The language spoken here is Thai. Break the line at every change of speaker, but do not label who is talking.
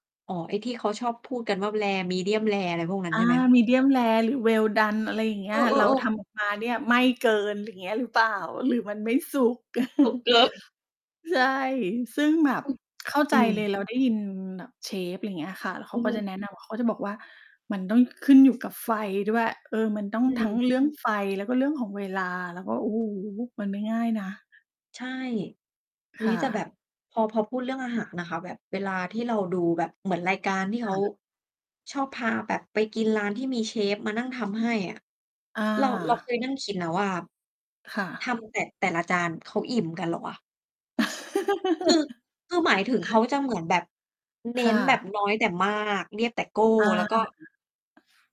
อ๋อ ไอ้ที่เขาชอบพูดกันว่า rare medium-rare อะไรพวกนั้
อ
นใช
า
่ไหม คะ?
medium-rare หรือ well-done อะไรอย่างเง
เ
ี
อ
้ย เรา
อ ๆ
ท
ๆ
ำออกมาเนี่ยไหม้เกิน อย่างเงี้ยหรือเปล่า หรือมันไม่สุก
สุกเกิน
ใช่ ซึ่งแบบ
อือ
เข้าใ
อ
จ
ืม
เลย เราได้ยินแบบเชฟ อย่างเงี้ยค่ะ แล้วเข
อื
า
อ
ก็
ฮ
จะ
ึ
แนะนำ เขาจะบอกว่ามันต้องขึ้นอยู่กับไฟด้วย เออ มันต้อง
อื
ทั้ง
ม
เรื่องไฟ แล้วก็เรื่องของเวลา แล้วก็ โอ้โฮ! มันไม่ง่ายนะ
ใช่ อุ๊
ค
ย
่
แต่แบ
ะ
บ พอ พอพูดเรื่องอาหารนะคะ แบบเวลาที่เราดูแบบเหมือนรายการ ที่เ
ค
ขา
่ะ
ชอบพาแบบไปกินร้านที่มีเชฟมานั่งทำให้อะ
อ
เรา เราเค
า
ยนั่งคิดนะว่า
ค่
ท
ะ
ำ แต่ แต่ละจาน เขาอิ่มกันเหรอวะ? คือ คือหมายถึงเขาจะเหมือนแบบเน
ค
้
่
น แบบ
ะ
น้อยแต่มาก เรียบแต่โก้
อ
แล้
า
วก็